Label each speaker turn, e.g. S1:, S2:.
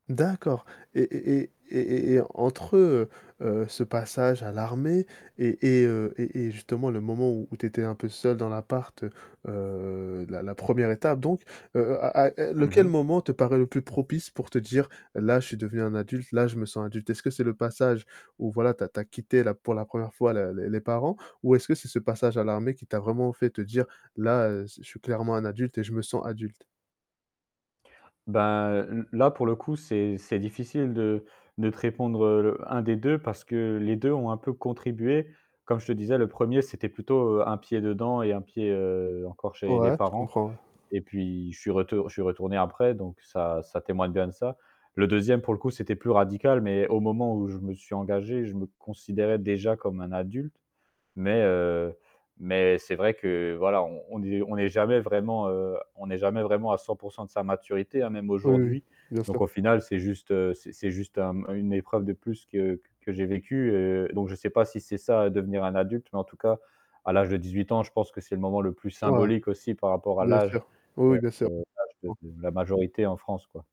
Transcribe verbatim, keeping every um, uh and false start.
S1: D'accord. Et et et et et et entre, heu heu, ce passage à l'armée et et heu, et et justement le moment où tu étais un peu seul dans l'appart, heu, heu, la la première étape donc, heu heu, à à
S2: Mmh
S1: lequel
S2: mh.
S1: moment te paraît le plus propice pour te dire, là je suis devenu un adulte, là je me sens adulte? Est-ce que c'est le passage où, voilà, tu as tu as quitté la pour la première fois les les parents ou est-ce que c'est ce passage à l'armée qui t'a vraiment fait te dire: «Là, je suis clairement un adulte et je me sens adulte»?
S2: Ben l là pour le coup, c'est c'est difficile de de te répondre, heu, un des deux parce que les deux ont un peu contribué. Comme je te disais, premier, c'était plutôt un pied dedans et un pied encore chez les
S1: Ouais, je
S2: parents.
S1: comprends.
S2: Et puis je suis retour je suis retourné après donc ça ça témoigne bien de ça. Le deuxième pour le coup, c'était plus radical, mais au moment où je me suis engagé, je me considérais déjà comme un adulte, mais, heu, mais c'est vrai que voilà on est on est jamais vraiment, heu, on est jamais vraiment à cents pour cent de sa maturité hein, même
S1: Oui, oui, oui,
S2: aujourd'hui.
S1: bien
S2: Donc
S1: sûr.
S2: au final, c'est juste c'est c'est juste une épreuve de plus que que j'ai vécue, heu. Donc je sais pas si c'est ça devenir un adulte, mais en tout cas à l'âge de dix-huit ans, je pense que c'est le moment le plus
S1: Ouais.
S2: symbolique aussi par rapport à
S1: bien
S2: l'âge,
S1: sûr, oui,
S2: heu,
S1: oui, bien sûr.
S2: l'âge
S1: [unintelligible]
S2: de la majorité en France quoi.